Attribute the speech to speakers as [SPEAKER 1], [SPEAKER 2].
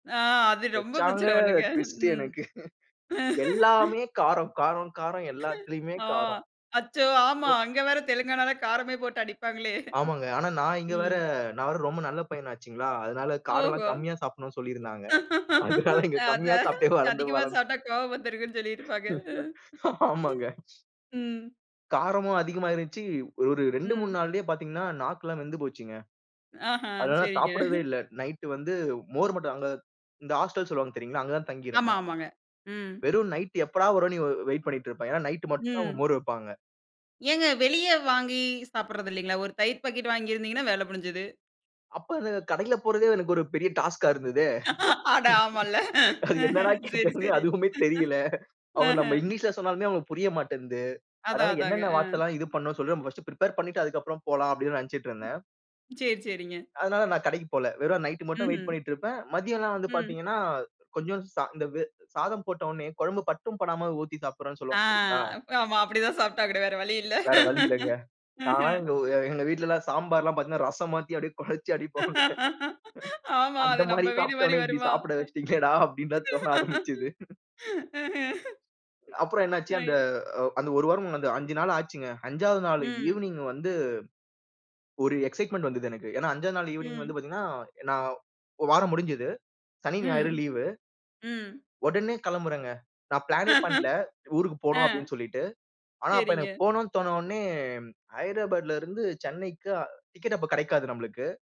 [SPEAKER 1] ஆ அது ரொம்ப
[SPEAKER 2] வெச்சாங்க
[SPEAKER 1] பிரச்சன பண்ணுங்க.
[SPEAKER 2] டிவிஸ்டு
[SPEAKER 1] ம்.
[SPEAKER 2] எனக்கு. எல்லாமே காரம், காரம், காரம் எல்லாத்துலயுமே
[SPEAKER 1] ஆ
[SPEAKER 2] காரம்.
[SPEAKER 1] அச்சோ. ஆமா. அங்க வேற தெலுங்கானால காரமே போட்டு அடிப்பாங்களே.
[SPEAKER 2] ஆமாங்க. ஆனா நான் இங்க வர
[SPEAKER 1] ம்.
[SPEAKER 2] நான் வேற ரொம்ப நல்ல பையனாச்சுங்களா, அதனால காரம் எல்லா
[SPEAKER 1] ஓஹோ!
[SPEAKER 2] கம்மியா சாப்டணும்னு சொல்லி இருந்தாங்க. அதனால இங்க கம்மியா
[SPEAKER 1] அதான்,
[SPEAKER 2] சாப்ட்டே வளர்ந்து,
[SPEAKER 1] அதிகமா
[SPEAKER 2] வளர்ந்து
[SPEAKER 1] சாப்ட்டா கோவம் வந்துருங்கன்னு சொல்லிட்டுருப்பாங்க. அ,
[SPEAKER 2] ஆமாங்க.
[SPEAKER 1] ஹிம். ம்.
[SPEAKER 2] காரமும் அதிகமா இருந்துச்சு. ஒரு 2, 3
[SPEAKER 1] ம்.
[SPEAKER 2] நாள்லயே பாத்தீங்கன்னா, நாக்கு எல்லாம் வெந்து போச்சுங்க.
[SPEAKER 1] ஆஹ.
[SPEAKER 2] அதனால
[SPEAKER 1] செரிங்க.
[SPEAKER 2] சாப்பிடவே இல்ல. நைட்டு வந்து மோர் மட்டும்தான். அங்க இந்த ஆஸ்டல் சொல்லுவாங்க தெரியுங்களா? அங்க தான் தங்கி
[SPEAKER 1] ஆமா,
[SPEAKER 2] இருந்தேன்.
[SPEAKER 1] ஆமாங்க. ம்.
[SPEAKER 2] வெறும் நைட்டு எப்படா வரும்னு, இவ வெய்ட் பண்ணிட்டு இருப்பேன். ஏன்னா நைய்ட் மட்டும்தான் அவங்க
[SPEAKER 1] ம்.
[SPEAKER 2] மோர் வெப்பாங்க.
[SPEAKER 1] ஏங்க வெளிய வாங்கி சாப்பிடறதில்லீங்களா? ஒரு தயிர் பாக்கட் வாங்கி இருந்தீங்கன்னா வேல முடிஞ்சுது.
[SPEAKER 2] அப்ப அந்தக் கடைல போறதே எனக்கு ஒரு பெரிய டாஸ்கா இருந்ததே.
[SPEAKER 1] அட ஆமால்ல.
[SPEAKER 2] என்னடா
[SPEAKER 1] ம்ஹ்ம் சரி,
[SPEAKER 2] கேக்குறது
[SPEAKER 1] சரி.
[SPEAKER 2] அதுவுமே தெரியல. அவங்க
[SPEAKER 1] அஹ.
[SPEAKER 2] நம்ம இங்கிலிஷ்ல சொன்னாலுமே அவங்களுக்கு புரிய மாட்டேன்து.
[SPEAKER 1] அதான்,
[SPEAKER 2] அதனால
[SPEAKER 1] அதாங்க.
[SPEAKER 2] என்னென்ன
[SPEAKER 1] அ.
[SPEAKER 2] வார்த்தலாம் இது பண்ணணுனு சொல்லுங்க, நான் பஸ்டு பிரிப்பேர் பண்ணிட்டு அதுக்கப்புறம் போலாம் அப்டின்னு நெனச்சுட்டு இருந்தேன்.
[SPEAKER 1] செர் செரிங்க.
[SPEAKER 2] அதனால நான் கடைக்குப் போல. வெறும் நைட்டு மட்டும் வெய்ட்
[SPEAKER 1] ம்ஹ்ம்.
[SPEAKER 2] பண்ணிட்டு இருப்பேன். மதியம்லாம் வந்து
[SPEAKER 1] ம்.
[SPEAKER 2] பாத்தீங்கன்னா, கொஞ்சோ சா இந்த வெ சாதம் போட்டவுடனே கொழம்பு பட்டும் படமா, ஊத்தி சாப்ட்றனு
[SPEAKER 1] ஆ,
[SPEAKER 2] சொல்லுவங்க தெரியுங்களா?
[SPEAKER 1] அப் ஆமா, அப்டிதான் சாப்டாகணும் வேற வழி இல்ல.
[SPEAKER 2] வேற வழி இல்லங்க.
[SPEAKER 1] அஹ்ம்.
[SPEAKER 2] நான்லாம் எங்க வு எங்க வீட்டுலாம் சாம்பார்ல பாத்தீங்கன்னா, ரசம் மாத்தி அப்டியே கொழச்சி அடிப்போங்க.
[SPEAKER 1] ஆமா.
[SPEAKER 2] அந்த
[SPEAKER 1] அது
[SPEAKER 2] மாரி
[SPEAKER 1] நம்ம வீடு மாரி
[SPEAKER 2] சாப்ட்டவனா இப்டி
[SPEAKER 1] வருமா?
[SPEAKER 2] சாப்பிட வெச்சுட்டீங்களேடா. அப்டின்னுதான் தோண ஆரம்பிச்சது.
[SPEAKER 1] ம்ஹ்ம்.
[SPEAKER 2] அப்புறம் என்ன ஆச்சு அந்த,
[SPEAKER 1] ஐயே.
[SPEAKER 2] அ அந்த 1 வாரமும் அந்த 5 நாள் ஆச்சுங்க. 5வது நாள்
[SPEAKER 1] ம்.
[SPEAKER 2] ஈவினிங் வந்து. ஒரு எக்சைட்மன்ட் வந்துது எனக்கு. ஏன்னா 5வது நாள் வந்து
[SPEAKER 1] ம்.
[SPEAKER 2] பாத்தீங்கன்னா நான் 1 வாரம் முடிஞ்சுது. சனி, ஞாயிறு
[SPEAKER 1] ம்.
[SPEAKER 2] லீவு.
[SPEAKER 1] ம்.
[SPEAKER 2] ஒடனே கெளம்புரங்க. நான் பிளனே பண்ல ஊருக்கு போணு
[SPEAKER 1] அ.
[SPEAKER 2] அப்டின்னு சொல்லிட்டு. ஆனா, அப்ப
[SPEAKER 1] செரிங்க.
[SPEAKER 2] எனக்கு போணும்னு தோண்ண உடனே ஹ்ய்டுராபாடுல இருந்து, சென்னைக்கு டிக்கட்டு அப்ப கெடைக்காது நம்மளுக்கு.